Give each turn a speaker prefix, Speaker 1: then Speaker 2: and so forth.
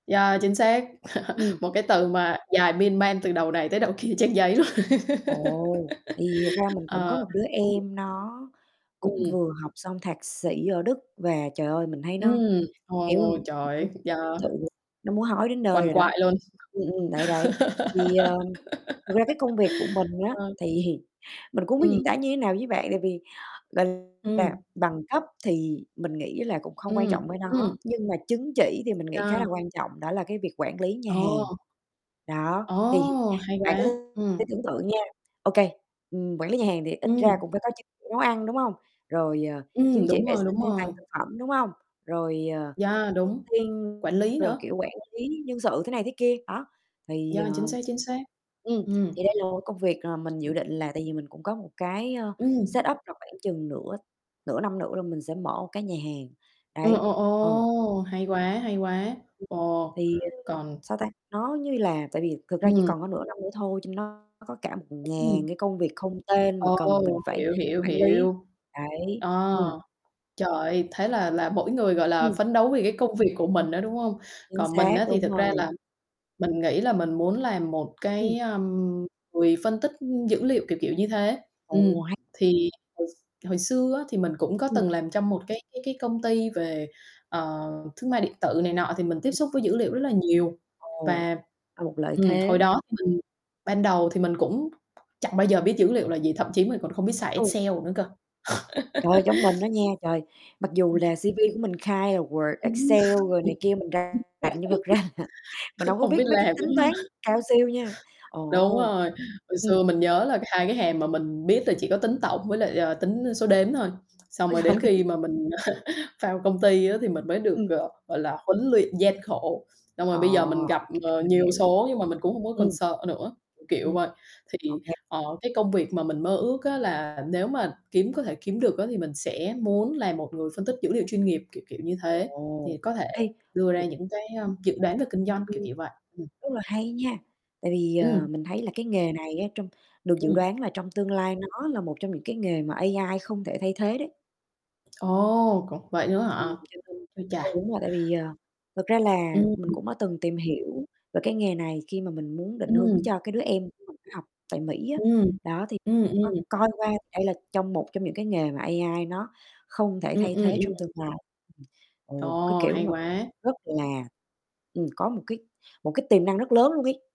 Speaker 1: Yeah, chính xác,
Speaker 2: Ừm.
Speaker 1: một cái từ mà dài miên man từ đầu này tới đầu kia trang giấy luôn.
Speaker 2: Ồ, tại vì thật ra mình cũng có
Speaker 1: Ờ.
Speaker 2: một đứa
Speaker 1: Ừm.
Speaker 2: em, nó cũng
Speaker 1: Ừm.
Speaker 2: vừa học xong thạc sĩ ở Đức, và trời ơi, mình thấy nó,
Speaker 1: Ừm,
Speaker 2: kiểu,
Speaker 1: ôi, trời ơi, yeah.
Speaker 2: [unintelligible] nó muốn hói đến nơi
Speaker 1: Quằn
Speaker 2: rồi đó.
Speaker 1: quại luôn.
Speaker 2: Ừm, ừm, đấy, đấy, thì, ờm, thật ra cái công việc của mình á
Speaker 1: Ờ.
Speaker 2: thì mình cũng hông biết
Speaker 1: Ừm.
Speaker 2: diễn tả như thế nào với bạn, tại vì, gọi là,
Speaker 1: Ừm.
Speaker 2: bằng cấp thì mình nghĩ là cũng không quan
Speaker 1: Ừm,
Speaker 2: trọng với
Speaker 1: ừm.
Speaker 2: nó, nhưng mà chứng chỉ thì mình nghĩ khá là
Speaker 1: Yeah.
Speaker 2: quan trọng, đó là cái việc quản lý nhà hàng.
Speaker 1: Ờ.
Speaker 2: Đó, thì
Speaker 1: Ồ, hay
Speaker 2: bạn cứ
Speaker 1: quá. Ừm.
Speaker 2: tưởng tượng nha, ô kê, ừm, quản lý nhà hàng thì ít ra
Speaker 1: Ừm.
Speaker 2: cũng phải có chứng chỉ nấu ăn, đúng hông? Rồi, ờ, chứng
Speaker 1: Ừm,
Speaker 2: chỉ
Speaker 1: đúng
Speaker 2: vệ
Speaker 1: rồi,
Speaker 2: sinh
Speaker 1: đúng
Speaker 2: an toàn
Speaker 1: rồi.
Speaker 2: thực phẩm, đúng hông? Rồi, ờ,
Speaker 1: Yeah,
Speaker 2: trước
Speaker 1: đúng,
Speaker 2: tiên
Speaker 1: quản lý
Speaker 2: rồi,
Speaker 1: nữa.
Speaker 2: kiểu, quản lý nhân sự thế này thế kia, đó, thì
Speaker 1: Yeah, chính
Speaker 2: ờm.
Speaker 1: xác, chính xác.
Speaker 2: Ừm,
Speaker 1: Ừm.
Speaker 2: thì đây là một cái công việc mà mình dự định là tại vì mình cũng có một cái, ờ,
Speaker 1: Ừm.
Speaker 2: setup là khoảng chừng nửa nửa năm nữa là mình sẽ mở một cái nhà hàng,
Speaker 1: Ồ,
Speaker 2: đấy.
Speaker 1: ồ,
Speaker 2: Ờ.
Speaker 1: ồ, hay quá, hay quá,
Speaker 2: Ừm. ừm.
Speaker 1: ồ,
Speaker 2: Thì, ờm,
Speaker 1: còn
Speaker 2: sao ta, nó như là tại vì thực ra chỉ
Speaker 1: Ừm.
Speaker 2: còn có nửa năm nữa thôi, cho nên nó có cả một
Speaker 1: Ừm.
Speaker 2: ngàn cái công việc không tên mà cần mình
Speaker 1: Ồ,
Speaker 2: phải
Speaker 1: hiểu, hiểu,
Speaker 2: quản lý,
Speaker 1: hiểu.
Speaker 2: đấy.
Speaker 1: Ờ,
Speaker 2: Ừm.
Speaker 1: trời ơi, thế là là mỗi người, gọi là,
Speaker 2: Ừm.
Speaker 1: phấn đấu vì cái công việc của mình á, đúng hông?
Speaker 2: Chính
Speaker 1: Còn mình
Speaker 2: xác,
Speaker 1: á thì
Speaker 2: đúng
Speaker 1: thực ra
Speaker 2: rồi.
Speaker 1: là mình nghĩ là mình muốn làm một
Speaker 2: Ừm.
Speaker 1: cái, ờm, quỳ phân tích dữ liệu, kiểu kiểu như thế. Ừm,
Speaker 2: Ồ, hay.
Speaker 1: thì hồi x hồi xưa á, thì mình cũng có
Speaker 2: Ừm.
Speaker 1: từng làm trong một cái cái cái công ty về, ờ, thương mại điện tử này nọ, thì mình tiếp
Speaker 2: Ừm.
Speaker 1: xúc với dữ liệu rất là nhiều.
Speaker 2: Ồ,
Speaker 1: Và
Speaker 2: là một lợi
Speaker 1: ừm,
Speaker 2: thế.
Speaker 1: hồi đó thì mình ban đầu thì mình cũng chẳng bao giờ biết dữ liệu là gì, thậm chí mình còn không biết xài
Speaker 2: Ừ.
Speaker 1: Excel nữa cơ.
Speaker 2: Trời ơi, giống mình đó nha, trời, mặc dù là
Speaker 1: Ừm.
Speaker 2: CV của mình khai là Word,
Speaker 1: Ừm.
Speaker 2: Excel rồi này kia, mình rành nhưng thật ra là mình hông có
Speaker 1: Hông
Speaker 2: biết
Speaker 1: biết
Speaker 2: mấy cái
Speaker 1: làm, đúng
Speaker 2: tính
Speaker 1: hông?
Speaker 2: toán cao siêu nha,
Speaker 1: Đúng
Speaker 2: ồ.
Speaker 1: rồi, hồi
Speaker 2: Ừm.
Speaker 1: xưa mình nhớ là 2 cái hàm mà mình biết là chỉ có tính tổng với lại, ờ, tính số đếm thôi, xong
Speaker 2: Ôi
Speaker 1: rồi
Speaker 2: trời.
Speaker 1: đến khi mà mình vào công ty á, thì mình mới được,
Speaker 2: Ừm.
Speaker 1: ờ, gọi là, huấn luyện gian khổ. Xong rồi
Speaker 2: Ờ,
Speaker 1: bây giờ mình
Speaker 2: ô
Speaker 1: gặp,
Speaker 2: kê,
Speaker 1: ờ,
Speaker 2: mình
Speaker 1: nhiều
Speaker 2: hiểu.
Speaker 1: số nhưng mà mình cũng hông có còn
Speaker 2: Ừm.
Speaker 1: sợ nữa, kiểu, kiểu
Speaker 2: Ừm.
Speaker 1: vậy.
Speaker 2: Ô
Speaker 1: Thì,
Speaker 2: kê.
Speaker 1: ờ, cái công việc mà mình mơ ước á, là nếu mà kiếm có thể kiếm được á, thì mình sẽ muốn là một người phân tích dữ liệu chuyên nghiệp, kiểu, kiểu như thế,
Speaker 2: Ồ,
Speaker 1: thì có thể
Speaker 2: hay,
Speaker 1: đưa ra
Speaker 2: cũng
Speaker 1: những cái, ơ,
Speaker 2: [unintelligible]
Speaker 1: dự đoán về kinh doanh, kiểu,
Speaker 2: Ừm.
Speaker 1: kiểu vậy. Ừm.
Speaker 2: Rất là hay nha, tại vì, ờ,
Speaker 1: Ừm.
Speaker 2: mình thấy là cái nghề này á, trong được dự
Speaker 1: Ừm.
Speaker 2: đoán là trong tương lai nó là một trong những cái nghề mà AI không thể thay thế đấy.
Speaker 1: Ồ, có vậy nữa
Speaker 2: Ừm,
Speaker 1: hả?
Speaker 2: cho nên
Speaker 1: Ôi
Speaker 2: ờ,
Speaker 1: chà.
Speaker 2: đúng rồi tại vì, ờ, thật ra là mình
Speaker 1: Ừm.
Speaker 2: cũng đã từng tìm hiểu về cái nghề này khi mà mình muốn định hướng
Speaker 1: Ừm.
Speaker 2: cho cái đứa em của mình nó học tại Mỹ á.
Speaker 1: Ừm,
Speaker 2: Đó, thì
Speaker 1: ừm,
Speaker 2: có
Speaker 1: ừm.
Speaker 2: coi qua thì đây là trong một trong những cái nghề mà AI nó không thể
Speaker 1: Ừm,
Speaker 2: thay
Speaker 1: ừm,
Speaker 2: thế trong
Speaker 1: ừm.
Speaker 2: tương lai, [unintelligible] ồ, cái
Speaker 1: Ồ,
Speaker 2: kiểu
Speaker 1: hay
Speaker 2: mà cực
Speaker 1: quá!
Speaker 2: rất là, ừm, có một cái một cái tiềm năng rất lớn luôn ấy.